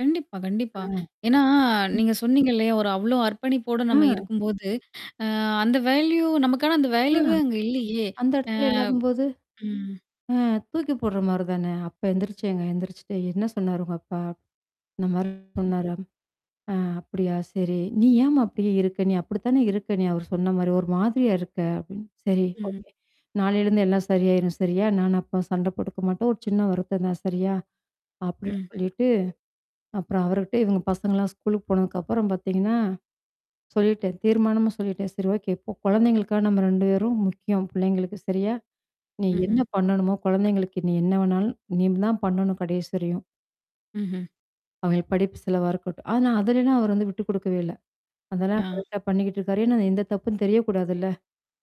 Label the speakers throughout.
Speaker 1: கண்டிப்பா,
Speaker 2: அ
Speaker 1: கண்டிப்பா.
Speaker 2: ம்.
Speaker 1: ஏன்னா நீங்க சொன்னீங்க இல்லையா, ஒரு அவ்ளோ அர்ப்பணிப்போட நம்ம
Speaker 2: அ.
Speaker 1: இருக்கும்போது, அ அந்த வேல்யூ நமக்கான அந்த
Speaker 2: அ.
Speaker 1: வேல்யூவே அங்க இல்லையே.
Speaker 2: அந்த
Speaker 1: அ.
Speaker 2: இடத்துல இல்லாதம்போது?
Speaker 1: ம்.
Speaker 2: அ தூக்கி போடுற மாரி தான. அப்ப எந்திரிச்சேங்க எந்திரிச்சுட்டு "என்ன சொன்னாரு உங்க அப்பா?" "இந்தமாரி
Speaker 1: ம்.
Speaker 2: சொன்னாரா" "அ அப்படியா? சரி." "நீ ஏமா அப்படியியே இருக்க நீ அப்படித்தானே இருக்க நீ அவரு சொன்ன மாரி, ஒரு மாதிரியா இருக்க." அப்படின்னு "சரி
Speaker 1: ம்ஹ்ம்.
Speaker 2: ஓகே. நாளைலருந்து எல்லாம் சரியாயிரும் சரியா? நான் அப்பா சண்ட போட்டுக்க மாட்டோம். ஒரு சின்ன வருத்தம் தான் சரியா?" அப்படின்னு
Speaker 1: ம்.
Speaker 2: சொல்லிட்டு. அப்புறம் அவருகிட்டே இவங்க பசங்கலாம் ஸ்கூலுக்கு போனதுக்கப்புறம் பார்த்தீங்கன்னா. சொல்லிட்டேன். தீர்மானமா சொல்லிட்டேன். "சரி ஓகே இப்போ குழந்தைங்களுக்கா நம்ம 2 பேரும் முக்கியம் பிள்ளைங்களுக்கு சரியா? நீ என்ன
Speaker 1: ம்ஹ்ம்.
Speaker 2: பண்ணணுமோ? குழந்தைங்களுக்கு நீ என்ன வேணாலும் நீ தான் பண்ணணும் கடைசி வரையும்."
Speaker 1: ம்ஹ்ம்.
Speaker 2: அவங்க படிப்பு செலவா இருக்கட்டும் ஆனா அதிலனாம் அவர் வந்து விட்டு குடுக்கவே இல்ல. அதெல்லாம்
Speaker 1: ஆ.
Speaker 2: கரெக்ட்டா பண்ணிக்கிட்டுருக்காரு. ஏன்னா எந்த தப்புன்னு தெரியக்கூடாதுல்ல.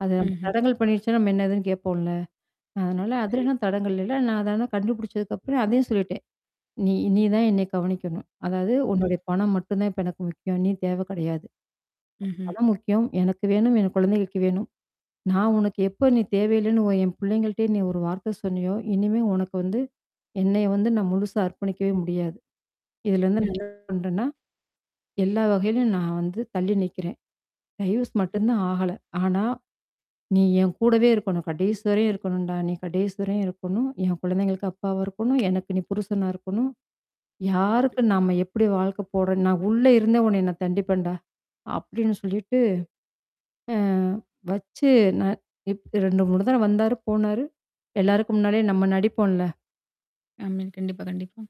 Speaker 2: அது நம்ம
Speaker 1: ம்ஹ்ம்.
Speaker 2: தடங்கல் பண்ணிருச்சுண்ணா, நம்ம என்ன ஏதுன்னு கேட்போம்ல? அதனால
Speaker 1: கண்டிப்பா.
Speaker 2: அதலனாம் தடங்கு இல்ல. நான் அத தான் கண்டுபிடிச்சதுக்கப்புறம் அதையும் சொல்லிட்டேன். "நீ நீ தான் என்னை கவனிக்கணும். அதாவது
Speaker 1: ம்.
Speaker 2: உன்னுடைய பணம் மட்டும் தான் இப்ப எனக்கு முக்கியம். நீ தேவை கிடையாது.
Speaker 1: ம்ஹ்ம்.
Speaker 2: பணம் முக்கியம். எனக்கு வேணும், என் குழந்தைகளுக்கு வேணும். நான் உனக்கு எப்போ நீ தேவையில்லன்னு ஓ என் பிள்ளைங்கள்ட்டயே நீ ஒரு வார்த்தை சொன்னையோ, இனிமே உனக்கு வந்து, என்னைய வந்து நான் முழுசா அர்ப்பணிக்கவே முடியாது. இதுலருந்து ந
Speaker 1: கண்டிப்பா.
Speaker 2: பண்றேன்னா, எல்லா வகையிலயும் நான் வந்து தள்ளி நிக்கிறேன். டைவர்ஸ்
Speaker 1: ம்.
Speaker 2: மட்டும் தான் ஆகல. ஆனா, நீ என் கூடவே இருக்கணும். கடைசிவரையும் இருக்கணும்டா. நீ கடைசிவரையும் இருக்கணும். என் குழந்தைங்களுக்கு அப்பாவா இருக்கணும். எனக்கு நீ புருஷனா இருக்கணும். யாருக்கு நம்ம எப்படி வாழ்க்கை போடுறோ, நான் உள்ள இருந்தே உனைய நான் தண்டிப்பேன்டா?" அப்படின்னு சொல்லிட்டு. அ வச்சு ந இப் 2,3 தடவ வந்தாரு, போனாரு. எல்லாருக்கு முன்னாடியே நம்ம நடிப்போம்ல
Speaker 1: ஆமா. கண்டிப்பா, கண்டிப்பா.